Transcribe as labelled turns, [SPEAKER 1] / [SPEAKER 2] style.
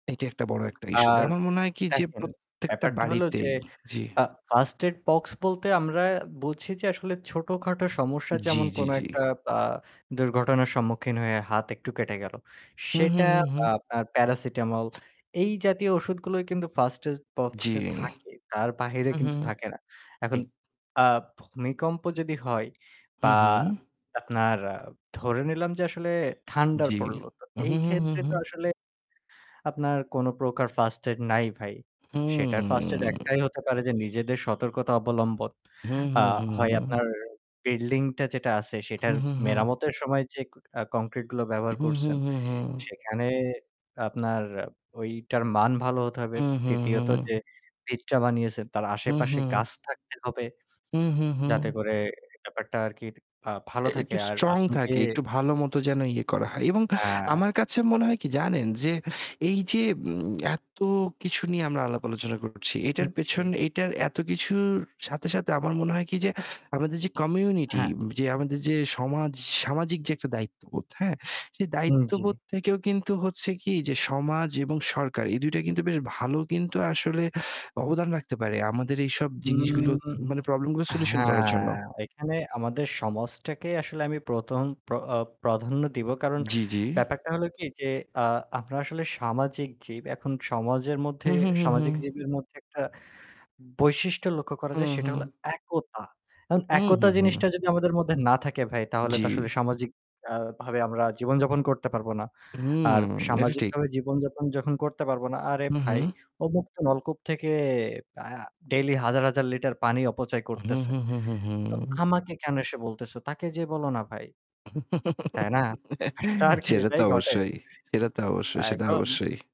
[SPEAKER 1] এইটা একটা বড় একটা ইশ্যুস।
[SPEAKER 2] আর
[SPEAKER 1] আমার মনে হয় কি যে
[SPEAKER 2] দেখেন
[SPEAKER 1] প্রত্যেকটা
[SPEAKER 2] ব্যাপারটা হল যে
[SPEAKER 1] বাড়িতেই জি।
[SPEAKER 2] ফা ফার্স্ট এইড বক্স বলতে আমরা বুঝি যে আসলে ছোট-খাটো সমস্যা
[SPEAKER 1] জি,
[SPEAKER 2] যেমন
[SPEAKER 1] জি,
[SPEAKER 2] কোন
[SPEAKER 1] জি।
[SPEAKER 2] একটা আ দুর্ঘটনার সম্মুখীন হয়ে হাত একটু কেটে গেল।
[SPEAKER 1] হু, হু,
[SPEAKER 2] সেটা
[SPEAKER 1] হু,
[SPEAKER 2] আ
[SPEAKER 1] হু।
[SPEAKER 2] প্যা প্যারাসিটামল এই জাতীয় ঔষুধগুলোই কিন্তু ফার্স্ট এইড
[SPEAKER 1] জি।
[SPEAKER 2] বক্সে থাকে তার বাহিরে
[SPEAKER 1] হু, হু।
[SPEAKER 2] কিন্তু থাকে না। এখন
[SPEAKER 1] ঠিক।
[SPEAKER 2] আ ভূমিকম্প যদি হয়
[SPEAKER 1] হু,
[SPEAKER 2] বা
[SPEAKER 1] হু।
[SPEAKER 2] আপনার আ ধরে নিলাম যে আসলে ঠান্ডার
[SPEAKER 1] জি।
[SPEAKER 2] পড়ল তো
[SPEAKER 1] হু,
[SPEAKER 2] এই
[SPEAKER 1] হু, হু,
[SPEAKER 2] ক্ষেত্রে
[SPEAKER 1] হু।
[SPEAKER 2] তো আসলে আপনার কোন প্রকার ফার্স্ট এইড নাই ভাই
[SPEAKER 1] হু।
[SPEAKER 2] সেটার ফার্স্ট এইড একটাই হতে পারে যে নিজেদের সতর্কতা অবলম্বন।
[SPEAKER 1] হু,
[SPEAKER 2] আ
[SPEAKER 1] হু, হু,
[SPEAKER 2] হয়
[SPEAKER 1] হু।
[SPEAKER 2] আপনার বিল্ডিং টা যেটা আছে
[SPEAKER 1] হু,
[SPEAKER 2] সেটার
[SPEAKER 1] হু, হু।
[SPEAKER 2] মেরামতের সময় যে আ কংক্রিট গুলো ব্যবহার
[SPEAKER 1] হু, হু,
[SPEAKER 2] করছেন,
[SPEAKER 1] হু, হু।
[SPEAKER 2] সেখানে আপনার ঐটার মান ভালো হতে হবে।
[SPEAKER 1] হু, হু,
[SPEAKER 2] ৩য় ত
[SPEAKER 1] হু।
[SPEAKER 2] যে ভিতটা বানিয়েছেন তার
[SPEAKER 1] হু,
[SPEAKER 2] আশেপাশে
[SPEAKER 1] হু।
[SPEAKER 2] গাছ থাকতে হবে।
[SPEAKER 1] হু, হু,
[SPEAKER 2] যাতে
[SPEAKER 1] হু।
[SPEAKER 2] করে ব্যাপারটা আরকি ভা ভালো
[SPEAKER 1] একটু
[SPEAKER 2] থাকে আর
[SPEAKER 1] স্ট্রং
[SPEAKER 2] আপনি যে
[SPEAKER 1] থাকে, একটু ভালো মত যেন ইয়ে করা হয় এবং
[SPEAKER 2] হ্যাঁ।
[SPEAKER 1] আমার কাছে মনে হয় কি জানেন যে এই যে উম উম এত কিছু নিয়ে আমরা আলাপ আলোচনা করছি।
[SPEAKER 2] হু,
[SPEAKER 1] এটার পেছন
[SPEAKER 2] জি।
[SPEAKER 1] এইটার এত কিছুর সাথে, সাথে আমার মনে হয় কি যে আমাদের যে কমিউনিটি
[SPEAKER 2] হ্যাঁ।
[SPEAKER 1] যে আমাদের যে সমাজ সামাজিক যে একটা দায়িত্ববোধ হ্যাঁ? সেই
[SPEAKER 2] উ জি।
[SPEAKER 1] দায়িত্ববোধ থেকেও কিন্তু হচ্ছে কি যে সমাজ এবং সরকার এই ২ টা কিন্তু বেশ ভালো কিন্তু আসলে অবদান রাখতে পারে আমাদের এইসব জিনিসগুলো
[SPEAKER 2] উম
[SPEAKER 1] মানে প্রবলেম গুলো সলিউশন করার জন্য।
[SPEAKER 2] হ্যাঁ, এখানে আমাদের সমাজটাকে আসলে আমি ১ম প্র আ প্রাধান্য দিব। কারণ
[SPEAKER 1] জি, জি।
[SPEAKER 2] ব্যাপারটা হলো কি যে আ আমরা আসলে সামাজিক জীব এখন সমাজের মধ্যে
[SPEAKER 1] হু, হু, হু, হু।
[SPEAKER 2] সামাজিক জীবের মধ্যে একটা বৈশিষ্ট্য লক্ষ্য করা
[SPEAKER 1] হু,
[SPEAKER 2] যায় সেটা হল
[SPEAKER 1] হু।
[SPEAKER 2] একতা। এখন
[SPEAKER 1] উ হু,
[SPEAKER 2] একতা
[SPEAKER 1] হু।
[SPEAKER 2] জিনিসটা যদি আমাদের মধ্যে না থাকে ভাই তাহলে
[SPEAKER 1] জি।
[SPEAKER 2] তো আসলে সামাজিক আ ভাবে আমরা জীবনযাপন করতে পারবো না।
[SPEAKER 1] হুম
[SPEAKER 2] আর
[SPEAKER 1] এটা ঠিক।
[SPEAKER 2] সামাজিকভাবে জীবনযাপন যখন করতে পারবো না, আরে
[SPEAKER 1] হু, হু।
[SPEAKER 2] ভাই ও মুক্ত নলকূপ থেকে ব্যা ডেইলি হাজার-হাজার লিটার পানি অপচয়
[SPEAKER 1] হু,
[SPEAKER 2] করতেছে।
[SPEAKER 1] হু, হু, হু, হু।
[SPEAKER 2] তো আমাকে কেন এসে বলতেছে? তাকে যেয়ে বলো না ভাই। তাই না? একটা আরকি
[SPEAKER 1] সেটা তো
[SPEAKER 2] এটাই ঘটে।
[SPEAKER 1] অবশ্যই, সেটা তো
[SPEAKER 2] আ
[SPEAKER 1] অবশ্যই, সেটা
[SPEAKER 2] এখন
[SPEAKER 1] অবশ্যই।